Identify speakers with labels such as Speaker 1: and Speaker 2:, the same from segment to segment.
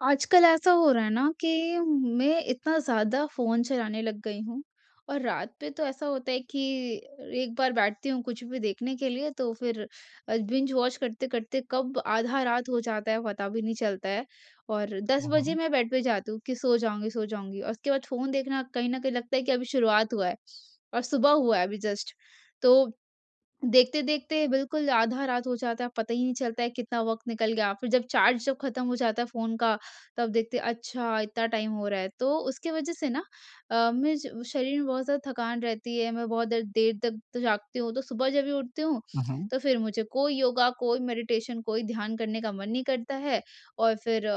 Speaker 1: आजकल ऐसा हो रहा है ना कि मैं इतना ज़्यादा फ़ोन चलाने लग गई हूँ, और रात पे तो ऐसा होता है कि एक बार बैठती हूँ कुछ भी देखने के लिए, तो फिर बिंज-वॉच करते-करते कब आधा रात हो जाता है, पता भी नहीं चलता है। और 10
Speaker 2: हुँ,
Speaker 1: बजे
Speaker 2: हुँ।
Speaker 1: मैं बेड पे जाती हूँ कि सो जाऊँगी, सो जाऊँगी, और उसके बाद फ़ोन देखना कहीं ना कहीं लगता है कि अभी शुरुआत हुआ है और सुबह हुआ है अभी जस्ट। तो देखते-देखते बिल्कुल आधा रात हो जाता है, पता ही नहीं चलता है कितना वक़्त निकल गया। फिर जब चार्ज जब ख़त्म हो जाता है फ़ोन का, तब देखते हैं अच्छा इतना टाइम हो रहा है। तो उसकी वज़ह से ना अ, में ज शरीर में बहुत ज़्यादा थकान रहती है। मैं बहुत देर, देर तक तो जागती हूँ, तो सुबह जब भी उठती हूँ,
Speaker 2: हुँ, हुँ।
Speaker 1: तो फिर मुझे कोई योगा, कोई मेडिटेशन, कोई ध्यान करने का मन नहीं करता है। और फिर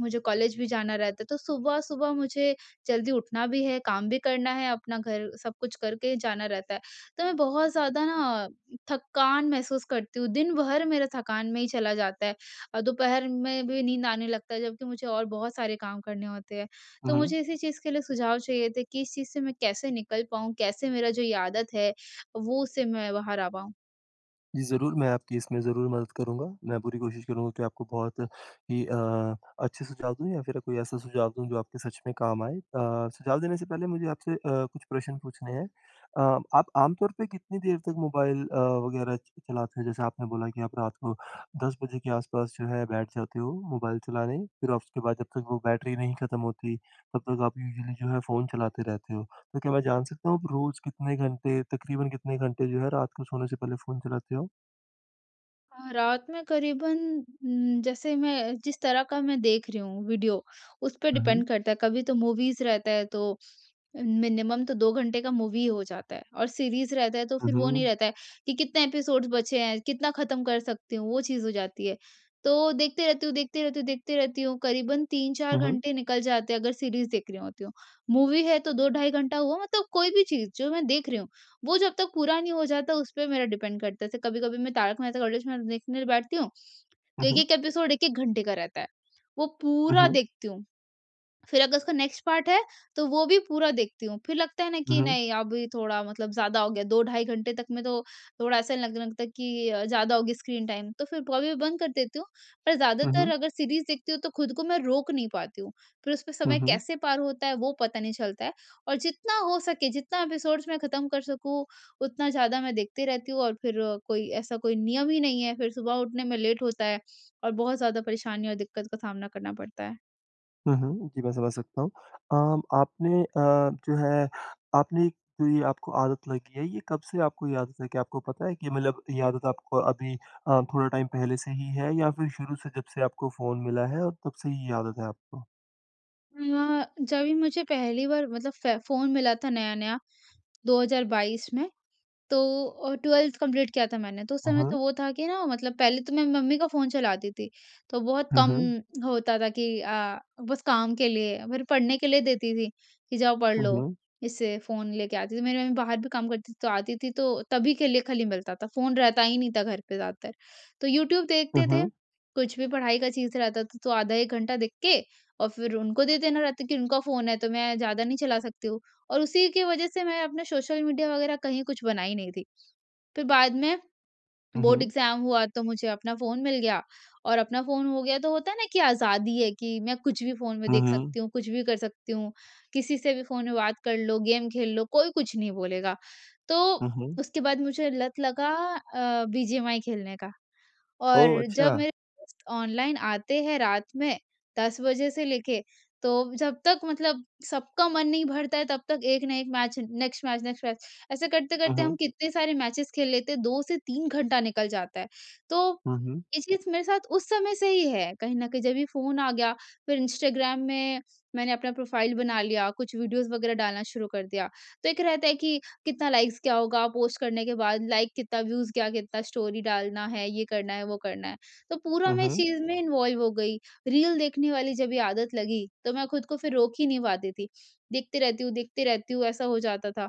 Speaker 1: मुझे कॉलेज भी जाना रहता है, तो सुबह-सुबह मुझे जल्दी उठना भी है, काम भी करना है अपना, घर सब कुछ करके जाना रहता है। तो मैं बहुत ज़्यादा ना थकान महसूस करती हूँ, दिन भर मेरा थकान में ही चला जाता है और दोपहर में भी नींद आने लगता है, जबकि मुझे और बहुत सारे काम करने होते हैं।
Speaker 2: हुँ,
Speaker 1: तो
Speaker 2: हुँ।
Speaker 1: मुझे इसी चीज़ के लिए सुझाव चाहिए थे कि इस चीज़ से मैं कैसे निकल पाऊँ, कैसे मेरा जो ये आदत है वो उससे मैं बाहर आ पाऊँ?
Speaker 2: जरूर, मैं आपकी इसमें ज़रूर मदद करूँगा। मैं पूरी कोशिश करूँगा कि आपको बहुत ही अ, अच्छे सुझाव दूँ, या फिर कोई ऐसा सुझाव दूँ, जो आपके सच में काम आए। अ, सुझाव देने से पहले मुझे आपसे अ, कुछ प्रश्न पूछने हैं। अ, आप आमतौर पे कितनी देर तक मोबाइल अ, वग़ैरह च चलाते हैं। जैसे आपने बोला कि आप रात को 10 बजे के आसपास जो है बैठ जाते हो मोबाइल चलाने, फिर आप उसके बाद जब तक वो बैटरी नहीं ख़त्म होती, तब तक आप यूजुअली जो है फ़ोन चलाते रहते हो। तो क्या मैं जान सकता हूँ, आप रोज़ कितने घंटे तक़रीबन कितने घंटे जो है, रात को सोने से पहले फ़ोन चलाते हो?
Speaker 1: अ, रात में क़रीबन उम, जैसे मैं जिस तरह का मैं देख रही हूँ वीडियो, उस पे
Speaker 2: हुँ, हुँ।
Speaker 1: डिपेंड करता है। कभी तो मूवीज़ रहता है तो मिनिमम तो 2 घंटे का मूवी ही हो जाता है, और सीरीज़ रहता है तो
Speaker 2: हुँ,
Speaker 1: फिर वो नहीं
Speaker 2: हुँ।
Speaker 1: रहता है, कि कितने एपिसोड्स बचे हैं, कितना ख़त्म कर सकती हूँ, वो चीज़ हो जाती है। तो देखते रहती हूँ, देखते रहती हूँ, देखते रहती हूँ, क़रीबन 3-4
Speaker 2: हुँ, हुँ।
Speaker 1: घंटे निकल जाते हैं अगर सीरीज़ देख रही होती हूँ। मूवी है तो 2 ढाई घंटा हुआ, मतलब कोई भी चीज़, जो मैं देख रही हूँ, वो जब तक पे नहीं हो जाता उस पर मेरा डिपेंड करता है। जैसे कभी-कभी मैं 'तारक मेहता का उल्टा चश्मा' देखने बैठती हूँ,
Speaker 2: हुँ,
Speaker 1: तो
Speaker 2: हुँ।
Speaker 1: 1-1 एपिसोड 1-1 घंटे का रहता है, वो
Speaker 2: हुँ,
Speaker 1: पूरा
Speaker 2: हुँ।
Speaker 1: देखती हूँ। फिर अगर उसका नेक्स्ट पार्ट है, तो वो भी पूरा देखती हूँ। फिर लगता है ना कि
Speaker 2: हुँ, हुँ।
Speaker 1: नहीं, अभी थोड़ा मतलब ज़्यादा हो गया, 2 ढाई घंटे तक में तो थोड़ा ऐसा लगने लगता है कि अ, ज़्यादा हो गया स्क्रीन टाइम। तो फिर [unintelligible] बंद कर देती हूँ, पर
Speaker 2: हुँ,
Speaker 1: ज़्यादातर,
Speaker 2: हुँ।
Speaker 1: अगर सीरीज़ देखती हूँ, तो खुद को मैं रोक नहीं पाती हूँ। फिर उसमें
Speaker 2: हुँ,
Speaker 1: समय
Speaker 2: हुँ।
Speaker 1: कैसे पार होता है, वो पता नहीं चलता है। और जितना हो सके, जितना एपिसोड्स मैं ख़त्म कर सकूँ, उतना ज़्यादा मैं देखते रहती हूँ, और फिर कोई ऐसा कोई नियम ही नहीं है, फिर सुबह उठने में लेट होता है, और बहुत ज़्यादा परेशानी और दिक्कत का सामना करना पड़ता है।
Speaker 2: हुँ, हुँ, जी, मैं समझ सकता हूँ। अ, आपने अ, जो है, आपने जो ये आपको आदत लगी है, ये कब से आपको ये आदत लगी है? आपको पता है कि मतलब ये आदत आपको अभी अ, थोड़ा टाइम पहले से ही है या फिर शुरू से जब से आपको फ़ोन मिला है, और तब से ही ये आदत है आपको?
Speaker 1: अ, जभी मुझे पहली बार मतलब फ़े फ़ोन मिला था नया-नया 2022 में, तो अ, 12th कम्प्लीट किया था मैंने। तो उस
Speaker 2: हुँ,
Speaker 1: समय तो
Speaker 2: हुँ।
Speaker 1: वो था कि ना मतलब पहले तो मैं मम्मी का फ़ोन चलाती थी, तो बहुत
Speaker 2: हुँ,
Speaker 1: कम
Speaker 2: हुँ।
Speaker 1: होता था कि अ, बस काम के लिए, मेरे पढ़ने के लिए देती थी कि, "जाओ, पढ़
Speaker 2: हुँ,
Speaker 1: लो।"
Speaker 2: हुँ।
Speaker 1: इससे फ़ोन लेके आती थी। मेरी मम्मी बाहर भी काम करती थी, तो आती थी तो तभी के लिए खाली मिलता था, फ़ोन रहता ही नहीं था घर पे ज़्यादातर। तो यूट्यूब
Speaker 2: हुँ,
Speaker 1: देखते थे,
Speaker 2: हुँ।
Speaker 1: कुछ भी पढ़ाई का चीज़ रहता था तो आधा 1 घंटा देख के, और फिर उनको दे देना रहता है कि उनका फ़ोन है, तो मैं ज़्यादा नहीं चला सकती हूँ और उसी की वजह से मैं अपना सोशल मीडिया वगैरह कहीं कुछ बनाई नहीं थी। फिर बाद में,
Speaker 2: हुँ,
Speaker 1: बोर्ड
Speaker 2: हुँ।
Speaker 1: एग्ज़ाम हुआ तो मुझे अपना फ़ोन मिल गया, और अपना फ़ोन हो गया तो होता है ना कि आज़ादी है कि मैं कुछ भी फ़ोन में
Speaker 2: हुँ,
Speaker 1: देख
Speaker 2: हुँ।
Speaker 1: सकती हूँ, कुछ भी कर सकती हूँ, किसी से भी फ़ोन में बात कर लो, गेम खेल लो, कोई कुछ नहीं बोलेगा। तो
Speaker 2: हुँ, हुँ।
Speaker 1: उसके बाद मुझे लत लगा अ, बीजीएमाई खेलने का,
Speaker 2: ओह!
Speaker 1: और जब
Speaker 2: अच्छा।
Speaker 1: मेरे दोस्त ऑनलाइन आते हैं रात में 10 बजे से लेके, तो जब तक मतलब सबका मन नहीं भरता है, तब तक एक न एक match, next match, next match, ऐसे
Speaker 2: हुँ,
Speaker 1: करते-करते हम
Speaker 2: हुँ।
Speaker 1: कितने सारे मैचेज़ खेल लेते, 2 से 3 घंटा निकल जाता है। तो,
Speaker 2: हुँ, हुँ।
Speaker 1: ये चीज़ मेरे साथ उस समय से ही है कहीं ना कहीं जब ये फ़ोन आ गया, फिर इंस्टाग्राम में मैंने अपना प्रोफ़ाइल बना लिया, कुछ वीडियोज़ वगैरह डालना शुरू कर दिया। तो एक रहता है कि कितना लाइक्स क्या होगा पोस्ट करने के बाद, लाइक कितना, व्यूज़ क्या? कितना स्टोरी डालना है, ये करना है, वो करना है, तो पूरा
Speaker 2: हुँ,
Speaker 1: मैं इस
Speaker 2: हुँ।
Speaker 1: चीज़ में इन्वॉल्व हो गई। रील देखने वाली जब ये आदत लगी, तो मैं खुद को फिर रोक ही नहीं पाती थी, देखती रहती हूँ देखती रहती हूँ, ऐसा हो जाता था।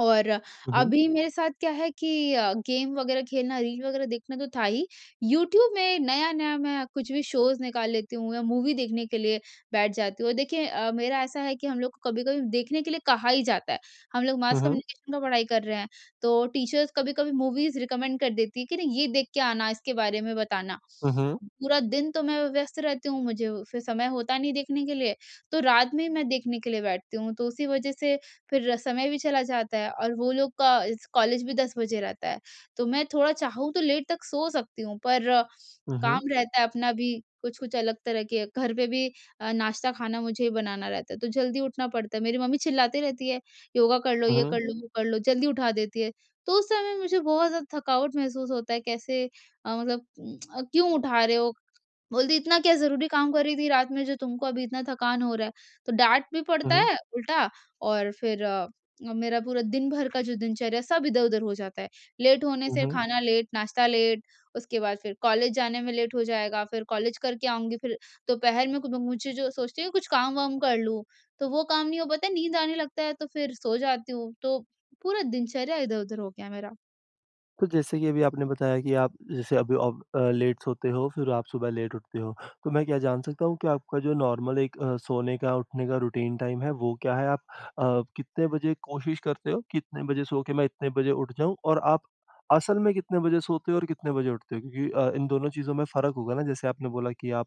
Speaker 1: और
Speaker 2: हुँ, हुँ।
Speaker 1: अभी मेरे साथ क्या है कि अ, गेम वगैरह खेलना, रील वगैरह देखना तो था ही, यूट्यूब में नया-नया मैं कुछ भी शोज़ निकाल लेती हूँ या मूवी देखने के लिए बैठ जाती हूँ। देखिए अ, मेरा ऐसा है कि हम लोग को कभी-कभी देखने के लिए कहा ही जाता है। हम लोग
Speaker 2: हुँ,
Speaker 1: मास
Speaker 2: हुँ।
Speaker 1: कम्युनिकेशन का पढ़ाई कर रहे हैं, तो टीचर्स कभी-कभी मूवीज़ रिकमेंड कर देती हैं कि, "नहीं, ये देख के आना, इसके बारे में बताना।"
Speaker 2: हुँ, हुँ।
Speaker 1: पूरा दिन तो मैं व्यस्त रहती हूँ, मुझे फिर समय होता नहीं देखने के लिए, तो रात में मैं देखने के लिए बैठती हूँ। तो उसी वजह से फिर समय भी चला जाता है और वो लोग का इस कॉलेज भी 10 बजे रहता है। तो मैं थोड़ा चाहूँ तो लेट तक सो सकती हूँ पर,
Speaker 2: हुँ,
Speaker 1: काम
Speaker 2: हुँ।
Speaker 1: रहता है अपना भी कुछ-कुछ अलग तरह के। घर पे भी अ, नाश्ता, खाना मुझे बनाना रहता है, तो जल्दी उठना पड़ता है। मेरी मम्मी चिल्लाती रहती है, "योगा कर लो,
Speaker 2: हुँ,
Speaker 1: ये कर
Speaker 2: हुँ।
Speaker 1: लो, वो कर लो।" जल्दी उठा देती है, तो उस समय मुझे बहुत ज़्यादा थकावट महसूस होता है, कैसे अ, मतलब क्यों उठा रहे हो? बोलती है, "इतना क्या ज़रूरी काम कर रही थी रात में, जो तुमको अभी इतना थकान हो रहा है?" तो डाँट भी
Speaker 2: हुँ,
Speaker 1: पड़ता
Speaker 2: हुँ।
Speaker 1: है उल्टा, और फिर अ, मेरा पूरा दिन भर का जो दिनचर्या है, सब इधर-उधर हो जाता है। लेट होने
Speaker 2: हुँ,
Speaker 1: से
Speaker 2: हुँ।
Speaker 1: खाना लेट, नाश्ता लेट, उसके बाद फिर कॉलेज जाने में लेट हो जाएगा। फिर कॉलेज करके आऊँगी, फिर दोपहर में [unintelligible] मुझे जो सोचती है कुछ काम-वाम कर लूँ, तो वो काम नहीं हो पाता है। नींद आने लगता है तो फिर सो जाती हूँ, तो पूरा दिनचर्या इधर-उधर हो गया है मेरा।
Speaker 2: तो जैसे कि अभी आपने बताया कि आप जैसे अभी आप अ, लेट सोते हो, फिर आप सुबह लेट उठते हो। तो मैं क्या जान सकता हूँ कि आपका जो नॉर्मल एक अ, सोने का, उठने का रूटीन टाइम है, वो क्या है? आप अ, कितने बजे कोशिश करते हो कि इतने बजे सो के मैं इतने बजे उठ जाऊँ, और आप असल में कितने बजे सोते और कितने बजे उठते हो? क्योंकि अ, इन दोनों चीज़ों में फ़र्क होगा ना। जैसे आपने बोला कि आप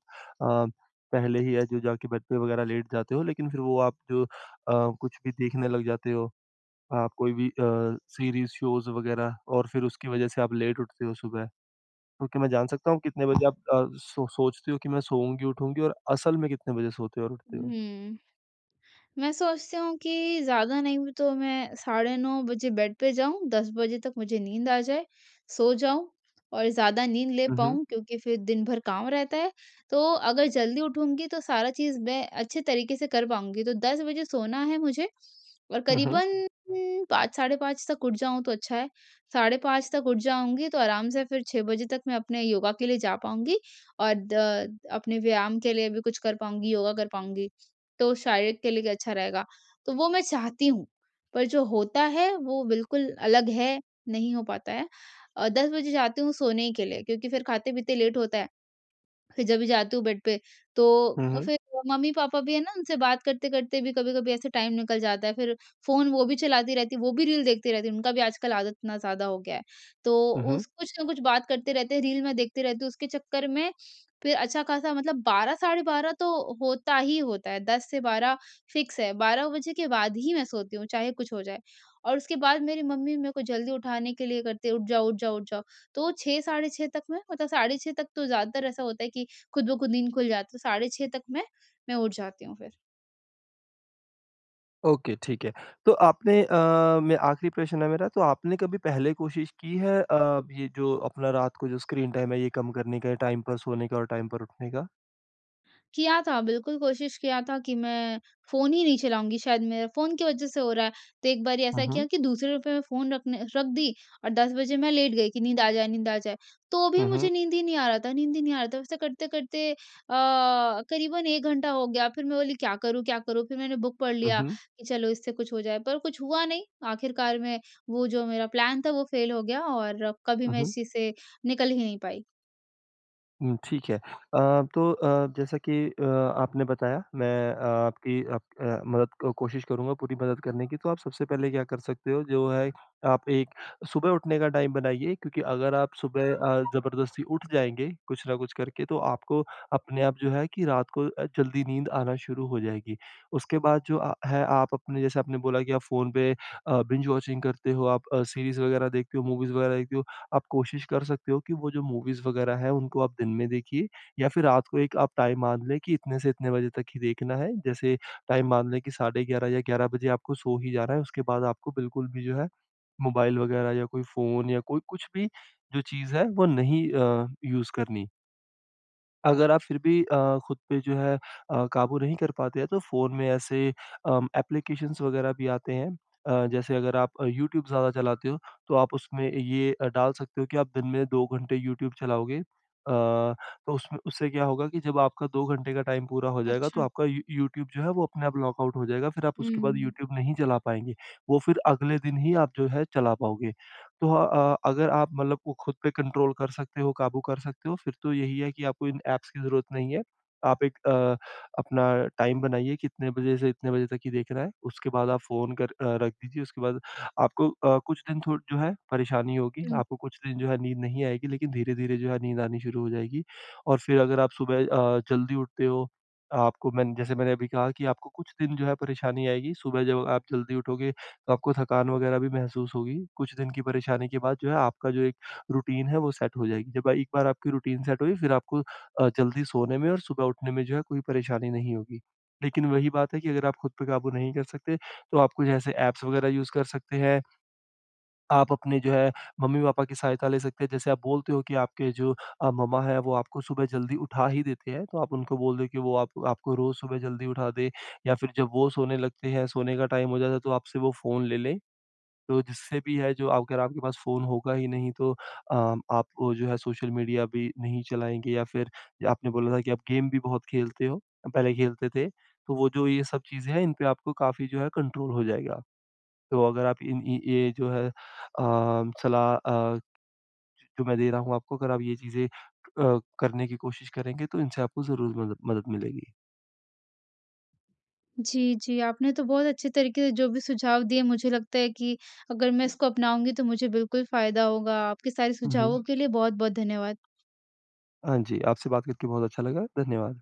Speaker 2: अ, पहले ही है जो जाके बेड पे वग़ैरह लेट जाते हो, लेकिन फिर वो आप जो अ, कुछ भी देखने लग जाते हो, आप कोई भी अ, सीरीज़, शोज़ वग़ैरह, और फिर उसकी वजह से आप लेट उठते हो सुबह। तो क्या मैं जान सकता हूँ, कितने बजे आप अ, सो सोचते हो कि मैं सोऊँगी, उठूँगी और असल में कितने बजे सोते और उठते हो?
Speaker 1: हम्म। मैं सोचती हूँ कि ज़्यादा नहीं भी तो मैं साढ़े 9 बजे बेड पे जाऊँ, 10 बजे तक मुझे नींद आ जाए, सो जाऊँ और ज़्यादा नींद ले
Speaker 2: हुँ, हुँ।
Speaker 1: पाऊँ क्योंकि फिर दिन भर काम रहता है। तो अगर जल्दी उठूँगी तो सारा चीज़ मैं अच्छे तरीके से कर पाऊँगी। तो 10 बजे सोना है मुझे और
Speaker 2: हुँ, हुँ।
Speaker 1: क़रीबन 5, साढ़े 5 तक उठ जाऊँ, तो अच्छा है। साढ़े 5 तक उठ जाऊँगी, तो आराम से फिर 6 बजे तक मैं अपने योगा के लिए जा पाऊँगी और द अपने व्यायाम के लिए भी कुछ कर पाऊँगी, योगा कर पाऊँगी। तो शारीरिक के लिए भी अच्छा रहेगा। तो वो मैं चाहती हूँ, पर जो होता है वो बिल्कुल अलग है, नहीं हो पाता है। अ, 10 बजे जाती हूँ सोने के लिए, क्योंकि फिर खाते-पीते लेट होता है। फिर जब भी जाती हूँ बेड पे,
Speaker 2: हुँ,
Speaker 1: तो
Speaker 2: हुँ।
Speaker 1: फिर मम्मी-पापा भी हैं न, उनसे बात करते-करते भी कभी-कभी ऐसे टाइम निकल जाता है। फिर फ़ोन वो भी चलाती रहती हैं, वो भी रील देखती रहती हैं, उनका भी आजकल आदत इतना ज़्यादा हो गया है। तो
Speaker 2: हुँ, हुँ।
Speaker 1: उस कुछ न कुछ बात करते रहते हैं, रील मैं देखती रहती हूँ। उसके चक्कर में फिर अच्छा-ख़ासा मतलब 12, साढ़े 12 तो होता ही होता है। 10 से 12 फ़िक्स है। 12 बजे के बाद ही मैं सोती हूँ, चाहे कुछ हो जाए। और उसके बाद मेरी मम्मी मेरे को जल्दी उठाने के लिए करती हैं, "उठ जाओ, उठ जाओ, उठ जाओ", तो 6, साढ़े 6 तक मैं मतलब साढ़े 6 तक तो ज़्यादातर ऐसा होता है कि ख़ुद ब ख़ुद नींद खुल जाती है। साढ़े 6 तक मैं, मैं उठ जाती हूँ फिर।
Speaker 2: ओके, ठीक है। तो आपने अ, म, ये आख़िरी प्रश्न है मेरा। तो आपने कभी पहले कोशिश की है अ, ये जो अपना रात को जो स्क्रीन टाइम है, ये कम करने का या टाइम पर सोने का, और टाइम पर उठने का?
Speaker 1: किया था, बिल्कुल कोशिश किया था कि मैं फ़ोन ही नहीं चलाऊँगी। शायद मेरा फ़ोन की वजह से हो रहा है। तो एक बारी
Speaker 2: हुँ,
Speaker 1: ऐसा किया
Speaker 2: हुँ।
Speaker 1: कि दूसरे रुपये में फ़ोन रखने रख दी, और 10 बजे मैं लेट गई कि नींद आ जाए, नींद आ जाए। तो भी
Speaker 2: हुँ,
Speaker 1: मुझे
Speaker 2: हुँ।
Speaker 1: नींद ही नहीं आ रहा था नींद ही नहीं आ रहा था। ऐसा करते-करते अ, क़रीबन 1 घंटा हो गया। फिर मैं बोली, “क्या करूँ, क्या करूँ?” फिर मैंने बुक पढ़
Speaker 2: हुँ,
Speaker 1: लिया
Speaker 2: हुँ।
Speaker 1: कि चलो इससे कुछ हो जाए, पर कुछ हुआ नहीं। आख़िरकार में वो जो मेरा प्लान था, वो फ़ेल हो गया, और कभी
Speaker 2: हुँ,
Speaker 1: मैं इस
Speaker 2: हुँ।
Speaker 1: चीज़ से निकल ही नहीं पाई।
Speaker 2: हुँ ठीक है अ, तो अ, जैसा कि अ, आपने बताया, मैं आपकी अप अ, मदद कोशिश करूँगा, पूरी मदद करने की। तो आप सबसे पहले क्या कर सकते हो, जो है आप एक सुबह उठने का टाइम बनाइए। क्योंकि अगर आप सुबह अ, ज़बरदस्ती उठ जाएँगे कुछ न कुछ करके, तो आपको अपने आप जो है कि रात को अ, जल्दी नींद आना शुरू हो जाएगी। उसके बाद जो अ, है आप अपने, जैसे आपने बोला कि फ़ोन पे अ, बिंज वॉचिंग करते हो, आप अ, सीरीज़ वगैरह देखते हो, मूवीज़ वगैरह देखते हो आप कोशिश कर सकते हो कि वो जो मूवीज़ वगैरह हैं, उनको आप दिन में देखिए। या फिर रात को एक आप टाइम मान लें कि इतने से इतने बजे तक ही देखना है। जैसे टाइम मान लें कि साढ़े 11 या 11 बजे आपको सो ही जाना है। उसके बाद आपको बिल्कुल भी जो है मोबाइल वगैरह या कोई फ़ोन, या कोई कुछ भी जो चीज़ है, वो नहीं अ, यूज़ करनी। अगर आप फिर भी अ, खुद पे जो है अ, काबू नहीं कर पाते हैं, तो फ़ोन में ऐसे, अ, एप्लीकेशंस वगैरह भी आते हैं। अ, जैसे अगर आप यूट्यूब ज़्यादा चलाते हो, तो आप उसमें ये डाल सकते हो कि आप दिन में 2 घंटे यूट्यूब चलाओगे। अ, तो उसमें उससे क्या होगा कि जब आपका 2 घंटे का टाइम पूरा हो जाएगा, तो
Speaker 1: अच्छा।
Speaker 2: आपका यू यूट्यूब जो है, वो अपने आप लॉकआउट हो जाएगा। फिर आप उसके बाद
Speaker 1: हुँ।
Speaker 2: यूट्यूब नहीं चला पाएँगे वो फिर अगले दिन ही आप जो है, चला पाओगे। तो अ, अगर आप, मतलब, को खुद पे कंट्रोल कर सकते हो, काबू कर सकते हो, फिर तो यही है कि आपको इन ऐप्स की ज़रूरत नहीं है। आप एक अ, अपना टाइम बनाइए कि इतने बजे से इतने बजे तक ही देखना है। उसके बाद आप फ़ोन कर अ, रख दीजिए। उसके बाद आपको, अ, कुछ दिन थोड़ा जो है, परेशानी होगी
Speaker 1: हुँ।
Speaker 2: आपको कुछ दिन जो है, नींद नहीं आएगी। लेकिन धीरे-धीरे जो है, नींद आनी शुरू हो जाएगी। और फिर अगर आप सुबह अ, जल्दी उठते हो आपको मैंने जैसे मैंने अभी कहा कि आपको कुछ दिन जो है, परेशानी आएगी। सुबह जब आप जल्दी उठोगे, तो आपको थकान वगैरह भी महसूस होगी। कुछ दिन की परेशानी के बाद, जो है, आपका जो एक रूटीन है, वो सेट हो जाएगी। जब एक बार आपकी रूटीन सेट होगी, फिर आपको, अ, जल्दी सोने में और सुबह उठने में, जो है, कोई परेशानी नहीं होगी। लेकिन वही बात है कि अगर आप खुद पे काबू नहीं कर सकते, तो आप कोई ऐसे ऐप्स वगैरह यूज़ कर सकते हैं। आप अपने जो है, मम्मी-पापा की सहायता ले सकते हैं। जैसे आप बोलते हो कि आपके जो अ, मम्मा हैं, वो आपको सुबह जल्दी उठा ही देते हैं तो आप उनको बोल दें कि वो आप आपको रोज़ सुबह जल्दी उठा दें। या फिर जब वो सोने लगते हैं, सोने का टाइम हो जाता है, तो आपसे वो फ़ोन ले लें। तो जिससे भी है जो अगर आपके पास फ़ोन होगा ही नहीं, तो अ, आप, जो है, सोशल मीडिया भी नहीं चलाएँगे। या फिर जो आपने बोला ना कि आप गेम भी बहुत खेलते हो, पहले खेलते थे तो वो जो ये सब चीज़ें हैं, इन पे आपको काफ़ी जो है, कंट्रोल हो जाएगा। तो अगर आप इन इन ये जो है, अ, सलाह अ, जो मैं दे रहा हूँ आपको अगर आप ये चीज़ें अ, करने की कोशिश करेंगे, तो इनसे आपको ज़रूर मद मदद मिलेगी।
Speaker 1: जी, जी आपने तो बहुत अच्छे तरीके जो भी सुझाव दिए, मुझे लगता है कि अगर मैं इसको अपनाऊँगी, तो मुझे बिल्कुल फ़ायदा होगा। आपके सारे
Speaker 2: हुँ, हुँ।
Speaker 1: सुझावों के लिए बहुत-बहुत धन्यवाद।
Speaker 2: हाँ, जी। आपसे बात करके बहुत अच्छा लगा। धन्यवाद।